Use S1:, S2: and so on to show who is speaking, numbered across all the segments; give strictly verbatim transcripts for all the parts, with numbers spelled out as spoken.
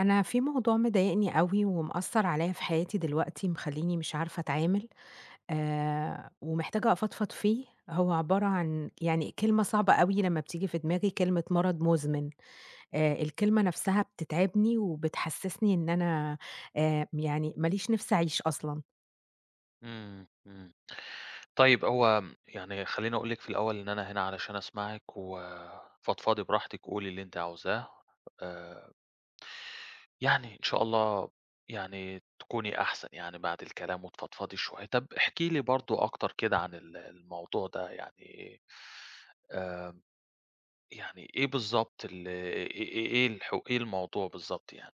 S1: أنا في موضوع مضايقني أوي ومأثّر عليّا في حياتي دلوقتي، مخلّيني مش عارفة أتعامل، آآ ومحتاجة أفضفض فيه، هو عبارة عن يعني كلمة صعبة أوي لمّا بتييجي في دماغي، كلمة مرض مُزمِن. آآ، الكلمة نَفْسها بتتعبني وبتحسِّسني إن أنا آآ يعني ماليش نفسي أعيش أصلًا.
S2: إمم، إمم. طيب، هو م يعني خلّيني أقول لِك في الأول إن أنا هنا علشان أسمعِك وفضفضي براحتِك وقولي اللي أنتِ عاوزاه. آآ يعني إن شاء الله يعني تكوني أحسن يعني بعد الكلام وتفضفضي شوية. طَب احكي لي برضه أكتر كده عن ال الموضوع ده يعني، آآ، يعني إيه بالضبط ال إيه إيه إيه الحو إيه الموضوع بالضبط يعني؟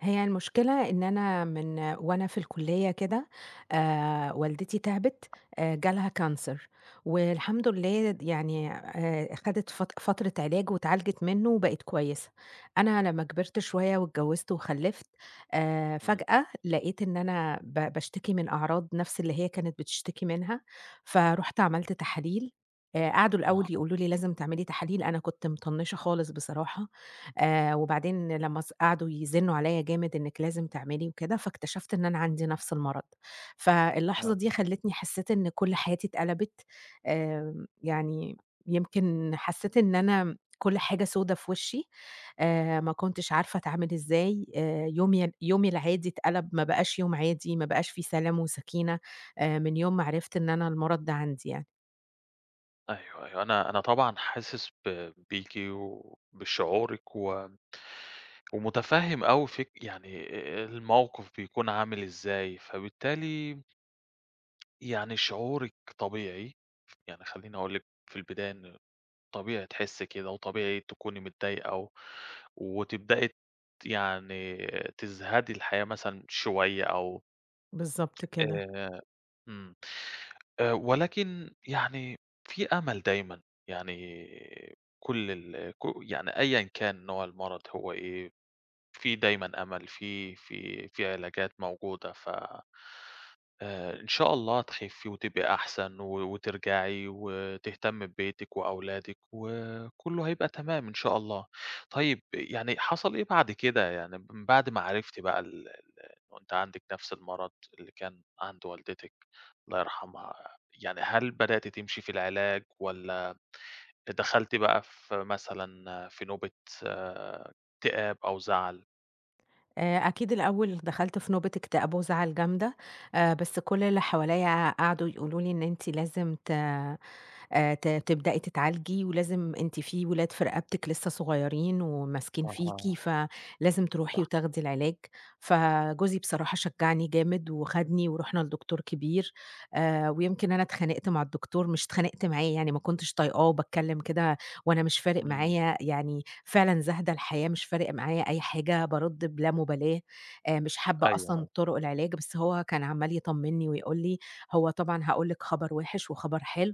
S1: هي المشكلة إن أنا من وأنا في الكُلّية كده، آآ والدتي تعِبِت آآ، جالها كانسر والحمد لله يعني آآ خَدِت فت فترة علاج واتعالجت منّه وبقت كويسة. أنا لمّا كبرت شوية واتجوِّزت وخلِّفت، آآ،
S2: إمم.
S1: فجأة لقيت إن أنا ب باشتكي من أعراض نَفْس اللي هي كانت بتشتكي منها، فرُحت عملت تحاليل، آآ قعدوا الأول
S2: أها.
S1: يقولوا لي: "لازم تعملي تحاليل." أنا كنت مطنِّشة خالص بصراحة. آآ وبعدين لمّا ص قعدوا يزنّوا عليّا جامد إنِّك لازم تعملي وكده، فاكتشفت إن أنا عندي نَفْس المرض. فاللحظة
S2: آه.
S1: دي خلّتني حسّيت إن كل حياتي اتقلبت، آمم، يعني يمكن حسّيت إن أنا كل حاجة سودا في وِشّي، آآ ما كنتش عارفة أتعامل إزاي، آآ يومي ي يومي العادي اتقَلَب ما بقاش يوم عادي، ما بقاش في سلام وسَكينة، آآ من يوم ما عرِفْت إن أنا المرض ده عندي يعني.
S2: أيوه، أيوه، أنا أنا طبعًا حاسس ب بيكِ وبشعورِك و ومتفهّم أوي فك يعني أ أ الموقف بيكون عامل إزاي، فبالتالي يعني شعورِك طبيعي، يعني خلّيني أقول لِك في البداية إن، طبيعي تحسّي كده وطبيعي تكوني متضايقة، و وتبدئي ت يعني تزهدي الحياة مثلًا شوية، أو
S1: بالضبط كده.
S2: آآ، إمم، آآ ولكن يعني في أمل دايمًا، يعني كلّ ال ك يعني أيًا كان نوع المرض هو إيه، في دايمًا أمل، في في في علاجات موجودة، ف آآ، إن شاء الله تخفِّي وتبقي أحسن، و وترجعي وتهتمّي ببيتِك وأولادِك، وكلّه هيبقى تمام إن شاء الله، طيب يعني حصل إيه بعد كده؟ يعني من بعد ما عرفتِ بقى ال ال وأنتِ عندِك نفْس المرض اللي كان عند والدتِك- الله يرحمها- يعني هل بدأتِ تمشي في العلاج، والّا دخلتِ بقى في مثلًا في نوبة اكتئاب أو زعل؟
S1: آآ أكيد الأول دخلْت في نوبة اكتئاب وزعل جامدة، آآ بس كل اللي حواليّا قعدوا يقولوا لي إن أنتِ لازم ت آآ ت تبدئي تتعالجي ولازم أنتِ في ولاد في رقبتِك لسّه صغيرين وماسكين فيكِ،
S2: أها.
S1: فلازم تروحي
S2: صح.
S1: وتاخدي العلاج. فجوزي بصراحة شجّعني جامد وخدني ورُحنا لدكتور كبير آآ ويمكن أنا اتخانقت مع الدكتور مش اتخانقت معاه يعني ما كنتش طايقاه وباتكلّم كده وأنا مش فارق
S2: إمم.
S1: معايا يعني فعلًا زاهدة الحياة مش فارق معايا أي حاجة، بارُد بِلا مُبالاة، آآ مش حابّة
S2: أيوه،
S1: أصلًا
S2: أيوه.
S1: طُرُق العلاج، بس هو كان عمّال يطمّني ويقول لي: "هو طبعًا هاقول لِك خبر وِحِش وخبر حلو،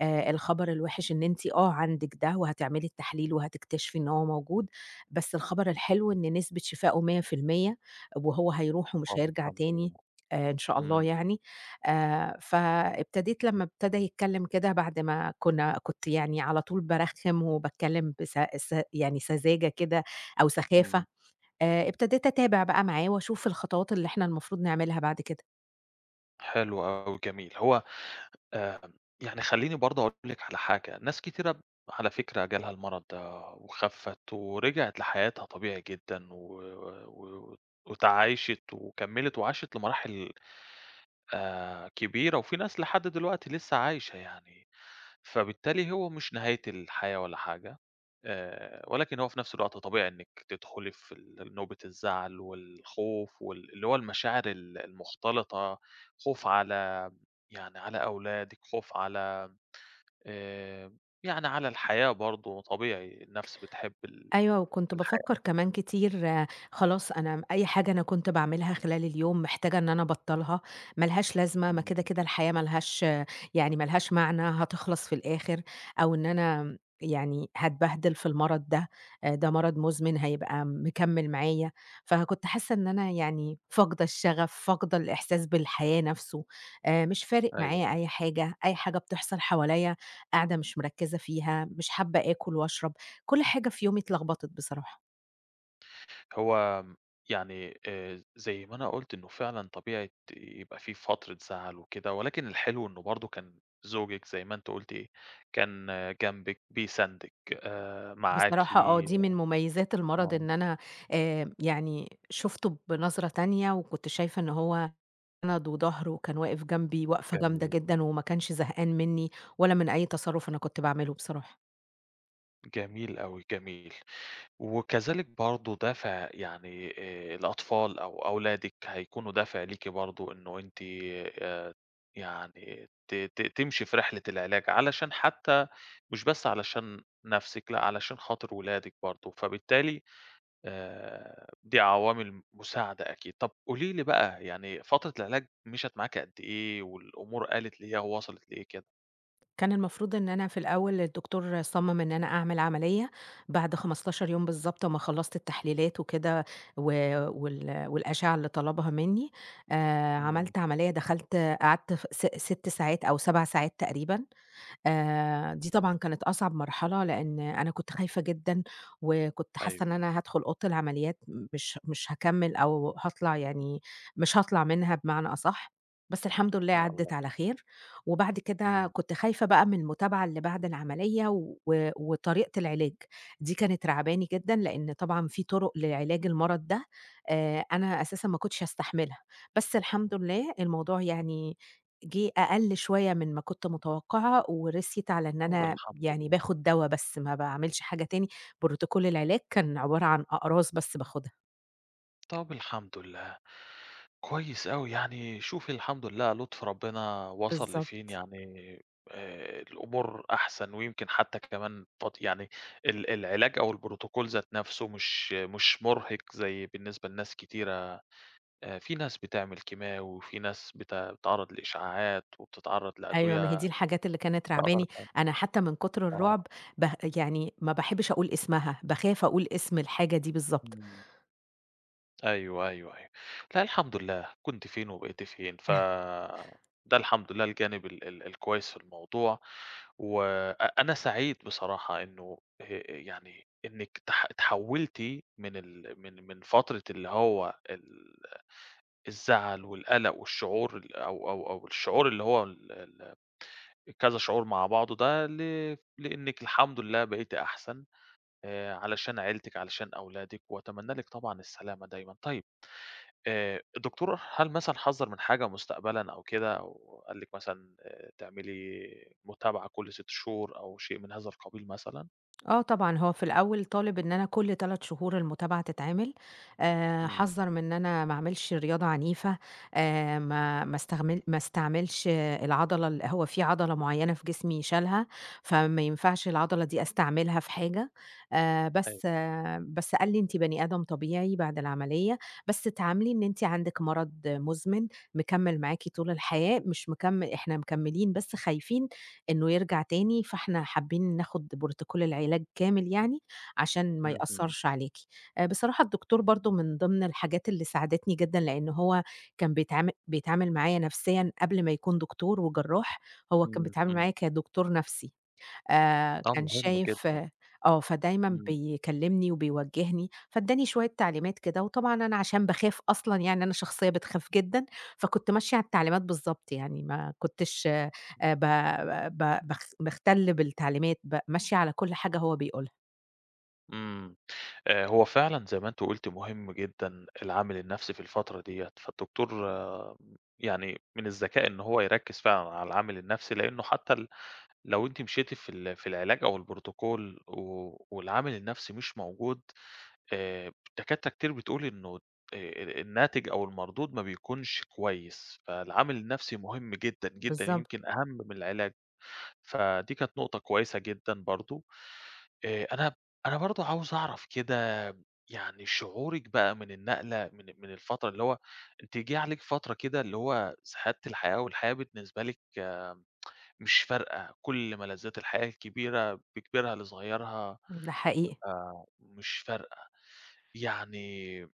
S1: آآ الخبر الوِحِش إن أنتِ آه عندِك ده وهتعملي التحليل وهتكتشفي إن هو موجود، بس الخبر الحلو إن نسبة شِفائه مِيّة في المِيّة وهو هيروح ومش
S2: طب
S1: هيرجع
S2: الحمد
S1: تاني
S2: لله.
S1: آآ إن شاء الله
S2: إمم.
S1: يعني." آآ فابتديت لمّا ابتدى يتكلّم كده بعد ما كُنّا كنت يعني على طول بارخِّم وباتكلّم بس س يعني سذاجة كده أو سخافة،
S2: إمم.
S1: آآ ابتديت أتابع بقى معاه وأشوف الخطوات اللي إحنا المفروض نعملها بعد كده.
S2: حلو أوي جميل، هو آآ، يعني خلّيني برضه أقول لِك على حاجة، ناس كتيرة ب على فكرة جالها المرض ده وخفِّت ورِجعِت لحياتها طبيعي جدًا و و و واتعايشِت وكمّلت وعاشِت لمراحل آآ كبيرة، وفي ناس لحد دلوقتي لسّه عايشة يعني، فبالتالي هو مش نهاية الحياة ولا حاجة، آآ ولكن هو في نفْس الوقت طبيعي إنِك تدخلي في ال ال نوبة الزعل والخوف وال اللي هو المشاعر ال المختلطة، خوف على يعني على أولادِك، خوف على آمم، يعني على الحياة برضه طبيعي، النفْس بتحب ال
S1: أيوه، وكنت بافكّر
S2: الحياة.
S1: كمان
S2: إمم.
S1: كتير، خلاص، أنا أي حاجة أنا كنت باعملها خلال اليوم محتاجة إن أنا أبطّلها، مالهاش لازمة ما كده،
S2: إمم.
S1: كده، الحياة مالهاش يعني مالهاش معنى، هتخلص في الآخر، أو إن أنا م يعني هاتبهدل في المرض ده، آآ، ده مرض مزمن هيبقى مكمّل معايا، فكنت حاسّة إن أنا يعني فاقدة الشغف، فاقدة الإحساس بالحياة نفْسه، آآ مش فارق
S2: أيوه،
S1: معايا
S2: آه.
S1: أي حاجة، أي حاجة بتحصل حواليّا قاعدة مش مركّزة فيها، مش حابة آكل واشرب، كلّ حاجة في يومي اتلخبطت بصراحة.
S2: هو م يعني آآ زي ما أنا قُلت إنه فعلًا طبيعية يبقى في فترة زعل وكده، ولكن الحلو إنه برضه كان زوجِك زي ما أنتِ قُلتِ، كان جمبِك بيساندِك آآ معاكِ
S1: بصراحة آه، دي من مُميّزات المرض
S2: آه.
S1: إن أنا آآ يعني شُفتُه بنظرة تانية، وكنت شايفة إنه هو ند وضهر، وكان واقف جمبي وقفة جامدة
S2: جميل.
S1: جدًا، وما كانش زهقان مِنِّي، ولا من أي تصرُّف أنا كنت باعملُه بصراحة.
S2: جميل أوي، جميل، وكذلك برضه دافع يعني آآ الأطفال أو أولادِك، هيكونوا دافع ليكِ برضه، إنه أنتِ آآ يعني ت ت تمشي في رحلة العلاج، علشان حتى مش بس علشان نفسِك لأ، علشان خاطر ولادِك برضه، فبالتالي آآ دي عوامل مُساعدة أكيد، طب قولي لي بقى يعني فترة العلاج مشت معاكِ قد إيه؟ والأمور آلِت لإيه أو وصلت لإيه كده؟
S1: كان المفروض إن أنا في الأول، الدكتور صَمَّم إن أنا أعمل عملية بعد خمستاشر يوم بالضبط، أمّا خلّصت التحليلات وكده، و وال والأشِعة اللي طلبها مِنِّي، آآ
S2: إمم.
S1: عملت عملية دخلت قعدت ف س ست ساعات أو سَبع ساعات تقريبًا، آآ دي طبعًا كانت أصعب مرحلة، لإن أنا كنت خايفة جدًا، وكنت حاسِّة إن
S2: أيوه، آه.
S1: أنا هادخُل أوضة العمليات مش مش هاكمِل أو هاطلع يعني مش هاطلع منها بمعنى أصحّ، بس الحمد لله
S2: يا
S1: عَدّت
S2: الله.
S1: على خير، وبعد كده
S2: إمم.
S1: كنت خايفة بقى من المُتابعة اللي بعد العملية، و وطريقة العلاج، دي كانت راعباني جدًا لإن طبعًا في طُرُق لعلاج المرض ده، آآ أنا أساسًا ما كنتش هاستحملها، بس الحمد لله الموضوع يعني جِه أقل شوية من ما كنت متوقعة، ورسيت على إن
S2: طب
S1: أنا
S2: الحمد
S1: يعني
S2: لله.
S1: باخُد دوا بس ما باعملش حاجة تاني، Protocol العلاج كان عبارة عن أقراص بس باخُدها.
S2: طب الحمد لله، كويس أوي يعني، شوفي الحمد لله لطف ربنا وصل لفين،
S1: بالضبط.
S2: يعني آآ، الأمور أحسن، ويمكن حتى كمان فد يعني ال العلاج أو الprotocol ذات نَفسه مش مش مرهق زي بالنسبة لناس كتيرة، آآ، في ناس بتعمل كيماوي وفي ناس بت بتتعرّض لإشعاعات وبتتعرض
S1: أيوه ما هي دي
S2: لأدوية
S1: الحاجات اللي كانت رعباني،
S2: [unintelligible]
S1: أنا حتى من كتر
S2: آه.
S1: الرعب به يعني ما باحبش أقول اسمها، باخاف أقول اسم الحاجة دي بالضبط.
S2: إمم. أيوه، أيوه، أيوه، لا الحمد لله، كنتِ فين وبقيتِ فين، فده الحمد لله الجانب ال ال الكويس في الموضوع، وأ أنا سعيد بصراحة إنه آآ، آآ يعني إنك تح اتحولتِ من ال من من فترة اللي هو ال الزعل والقلق والشعور ال أو أو أو الشعور اللي هو ال ال كذا شعور مع بعضه ده، ل لأنك الحمد لله بقيتِ أحسن، آآ، علشان عيلتِك، علشان أولادِك، وأتمنى لِك طبعًا السلامة دايمًا. طيب آآ، الدكتور هل مثلًا حذّر من حاجة مستقبلًا أو كده، أو قال لك مثلًا آآ، تعملي متابعة كُلّ سِت شهور أو شيء من هذا القبيل مثلًا؟
S1: آه طبعًا، هو في الأول طالب إن أنا كلّ تلات شهور المتابعة تتعمل، آآ
S2: إمم.
S1: حذَّر من إن أنا ما أعملش رياضة عنيفة، آآ ما ما استغمل ما استعملش العضلة ال هو فيه عضلة معيّنة في جسمي شالها، فما ينفعش العضلة دي أستعملها في حاجة، آآ
S2: أيوه.
S1: بس بس قال لي أنتِ بني آدم طبيعي بعد العمليّة، بس تعاملي إن أنتِ عندِك مرض مزمن، مكمِّل معاكِ طول الحياة، مش مكمِّ إحنا مكمِّلين بس خايفين إنّه يرجع تاني، فإحنا حابّين ناخد Protocol العلاج كامل يعني، عشان ما
S2: اهم.
S1: يأثّرِش عليكِ، بصراحة الدكتور برضه من ضمن الحاجات اللي ساعدتني جدًا، لإن هو كان بيتعامل بيتعامل معايا نفسيًا قبِل ما يكون دكتور وجرّاح، هو كان
S2: إمم،
S1: بيتعامل
S2: إمم.
S1: معايا كدكتور نفْسي، آآ
S2: آه،
S1: كان
S2: مهم
S1: شايِف
S2: جدًا.
S1: آه فدايمًا
S2: إمم.
S1: بيكلّمني وبيوجّهني، فإدّاني شوية تعليمات كده، وطبعًا أنا عشان باخاف أصلًا يعني أنا شخصيّة بتخاف جدًا، فكنت ماشية على التعليمات بالضبط، يعني ما كنتش آآ ب
S2: إمم.
S1: ب باخ باختلّ بالتعليمات، ب ماشية على كلّ حاجة هو بيقولها.
S2: امم، آآ، هو فعلًا زي ما أنتِ قلتِ مهم جدًا العامل النفْسِي في الفترة ديَّة، فالدكتور يعني من الذكاء إن هو يركز فعلًا على العامل النفْسِي؛ لأنه حتى ال لو أنتِ مشيتِ في ال في العلاج أو الProtocol و والعامل النفْسِي مش موجود، آآ، الدكاترة كتير بتقول إنه آآ، ال الناتج أو المردود ما بيكونش كويس، فالعامل النفْسِي مهم جدًا، جدًا،
S1: بالضبط.
S2: يمكن أهم من العلاج. فدي كانت نقطة كويسة جدًا برضه، آآ، أنا أنا برضه عاوز أعرف كده يعني شعورِك بقى من النقلة من من الفترة اللي هو أنتِ جه عليكِ فترة كده اللي هو زهدتِ الحياة والحياة بالنسبة لِك مش فارقة، كل ملذات الحياة الكبيرة بكبيرها لصغيرها،
S1: ده حقيقي.
S2: آآ، مش فارقة، يعني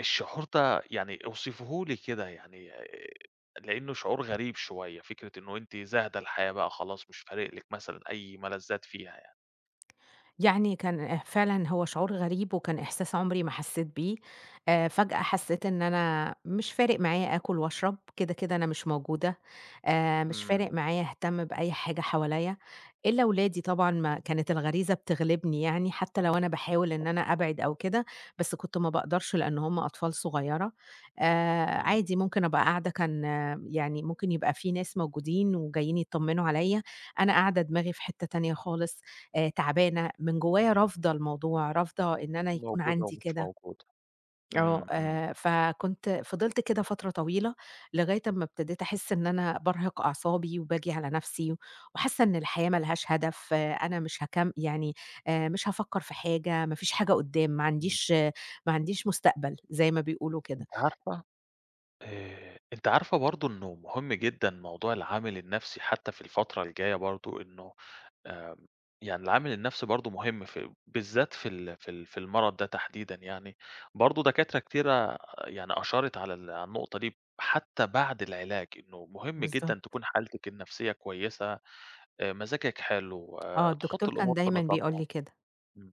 S2: الشعور ده يعني اوصفيه لي كده يعني، آآ، لأنه شعور غريب شوية، فكرة إنه أنتِ زاهدة الحياة، بقى خلاص، مش فارق لِك- مثلًا- أي ملذات فيها يعني.
S1: يعني كان فعلًا هو شعور غريب وكان إحساس عمري ما حسيت بيه، آآ، فجأة حسيت إن أنا مش فارق معايا آكل وأشرب، كده كده أنا مش موجودة، آآ، مش فارق
S2: إمم.
S1: معايا أهتم بأي حاجة حواليا، إلا أولادي طبعًا ما كانت الغريزة بتغلبني يعني، حتى لو أنا باحاول
S2: بالضبط.
S1: إن أنا أبعد أو كده، بس كنت ما باقدرش لأنه هم أطفال صغيرة، آآ،
S2: إمم.
S1: عادي ممكن أبقى قاعدة، كان يعني ممكن يبقى في ناس موجودين وجايين يطمنوا عليَّ، أنا قاعدة دماغي في حتّة تانية خالص، آآ، تعبانة، من جوايا رافضة الموضوع، رافضة إن أنا يكون
S2: موجود أو
S1: عندي
S2: مش
S1: كده.
S2: موجود،
S1: آه،
S2: امم، امم.
S1: آآ، فكنت فضلت كده فترة طويلة، لغاية أمَّا ابتديت أحس إن أنا بارهق أعصابي وباجي على نفْسِي، وحاسَّة إن الحياة مالهاش هدف، أنا مش هاكم يعني آآ، مش هافكر في حاجة، ما فيش حاجة قدام، ما
S2: إمم.
S1: عنديش ما عنديش مستقبل، زي ما بيقولوا كده.
S2: أنتِ عارفة آآ، أنتِ عارفة برضه إنه مهم جدًا موضوع العامل النفْسِي حتى في الفترة الجاية برضه، إنه، آآ، يعني العامل النفْسِي برضه مهم في بالذات في ال في ال في المرض ده تحديدًا يعني، برضه دكاترة كتيرة يعني أشارت على ال على النقطة دي، حتى بعد العلاج، إنه مهم جدًا
S1: بالضبط.
S2: تكون حالتِك النفْسِية كويسة، آآ، مزاجِك حلو،
S1: آه، الدكتور
S2: تحطي
S1: كان
S2: الأمور في
S1: دايمًا بيقول
S2: نطاقها
S1: لي كده.
S2: آمم،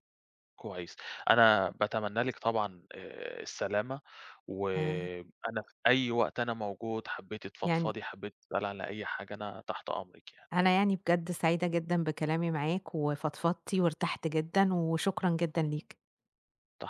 S2: كويس. أنا باتمنى لِك طبعًا، آآ، السلامة
S1: آه.
S2: وأنا في أي وقت أنا موجود، حبيتِ
S1: يعني
S2: تفضفضي، حبيتِ تسألي على أي حاجة، أنا تحت أمرِك يعني.
S1: أنا يعني بجد سعيدة جدًا بكلامي معاك وفضفضتي، وارتحت جدًا، وشكرًا جدًا ليك.
S2: تح